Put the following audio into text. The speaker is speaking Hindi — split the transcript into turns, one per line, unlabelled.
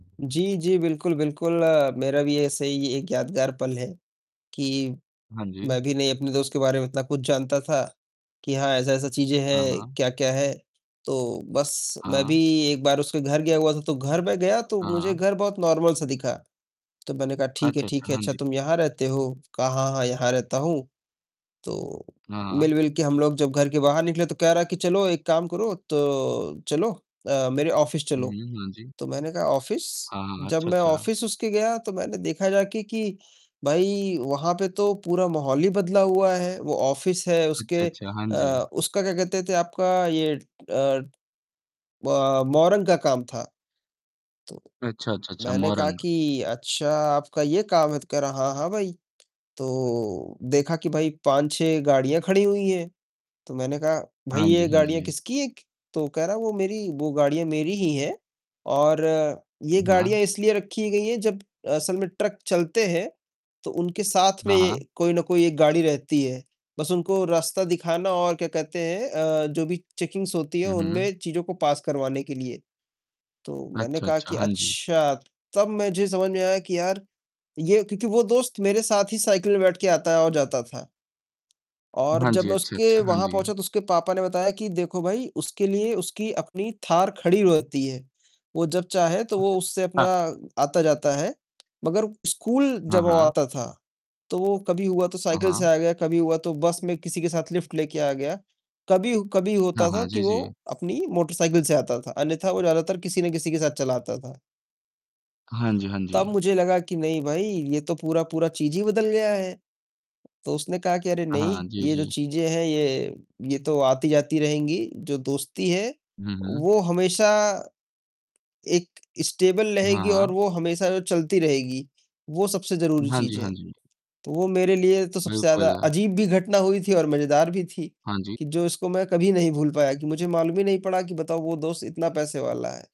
जी, जी बिल्कुल, बिल्कुल, मेरा भी ऐसे ही एक यादगार पल है। कि
हाँ
मैं
जी।
भी नहीं अपने दोस्त के बारे में इतना कुछ जानता था कि हाँ, ऐसा-ऐसा चीजें
हाँ,
हैं,
हाँ।
क्या-क्या है, तो बस, मैं भी
हाँ।
एक बार उसके घर गया हुआ था, तो घर में गया तो
हाँ,
मुझे
हाँ।
घर बहुत नार्मल सा दिखा। तो मैंने कहा "ठीक है,
अच्छा,
ठीक
अच्छा,
है,
हाँ
अच्छा
जी।
तुम यहाँ रहते हो?" कहा "हाँ, हाँ, यहाँ रहता हूँ।" तो
हाँ।
मिल-विल के हम लोग जब घर के बाहर निकले तो कह रहा कि "चलो एक काम करो तो चलो अ, मेरे ऑफिस
हुँ,
चलो।"
हुँ, हाँ जी।
तो मैंने कहा "ऑफिस?"
हाँ, हाँ,
जब
अच्छा,
मैं
अच्छा।
ऑफिस उसके गया, तो मैंने देखा जाके कि भाई वहाँ पे तो पूरा माहौल ही बदला हुआ है। वो ऑफिस है
अच्छा,
उसके
अच्छा, हाँ जी।
अ, उसका क्या कहते थे आपका ये अ, ब मौरंग का काम था। तो
अच्छा, अच्छा, अच्छा,
मैंने कहा
मौरंग।
कि "अच्छा आपका ये काम है!" तो कह रहा "हाँ, हाँ भई।" तो देखा कि भाई 5-6 गाड़ियाँ खड़ी हुई हैं, तो मैंने कहा "भई,
हाँ जी,
ये
हाँ
गाड़ियाँ
जी।
किसकी एक" तो कह रहा "वो मेरी वो गाड़ियाँ मेरी ही हैं, और ये
वाह!
गाड़ियाँ इसलिए रखी गई हैं जब असल में ट्रक चलते हैं तो उनके साथ
हाँ,
में
हाँ।
कोई ना कोई एक गाड़ी रहती है। बस उनको रास्ता दिखाना और क्या कहते हैं अ, जो भी चेकिंग्स होती है
हुँ, हुँ।
उनमें चीज़ों को पास करवाने के लिए।" तो मैंने
अच्छा,
कहा
अच्छा,
कि
हाँ जी।
"अच्छा!" तब मुझे समझ में आया कि यार ये क्योंकि वो दोस्त मेरे साथ ही साइकिल में बैठ के आता है और जाता था। और
हाँ
जब
जी,
मैं
अच्छा, अच्छा,
उसके
हाँ
वहाँ
जी।
पहुँचा तो उसके पापा ने बताया कि "देखो भई, उसके लिए उसकी अपनी थार खड़ी रहती है। वो जब चाहे तो वो उससे अपना
ता
आता-जाता है।" मगर स्कूल
हाँ,
जब वो
हाँ।
आता था तो वो कभी हुआ तो
हाँ,
साइकिल से
हाँ।
आ गया, कभी हुआ तो बस में किसी के साथ लिफ्ट लेके आ गया। कभी, कभी
हाँ,
होता था
हाँ,
कि
जी,
वो
जी।
अपनी मोटरसाइकिल से आता था अन्यथा वो ज़्यादातर किसी ना किसी के साथ चला आता था।
हाँ जी, हाँ
तब
जी।
मुझे लगा कि नहीं भाई ये तो पूरा-पूरा चीज़ ही बदल गया है। तो उसने कहा कि "अरे नहीं,
हाँ, जी,
ये जो
जी।
चीजें हैं ये ये तो आती-जाती रहेंगी। जो दोस्ती है
हुँ, हुँ।
वो हमेशा एक स्टेबल
हाँ,
रहेगी और
हाँ।
वो हमेशा जो चलती रहेगी, वो सबसे ज़रूरी
हाँ जी,
चीज़ है।"
हाँ जी।
तो वो मेरे लिए तो सबसे ज़्यादा
बिल्कुल।
अजीब भी घटना हुई थी और मजेदार भी थी,
हाँ जी।
कि जो इसको मैं कभी नहीं भूल पाया कि मुझे मालूम ही नहीं पड़ा कि बताओ वो दोस्त इतना पैसे वाला है।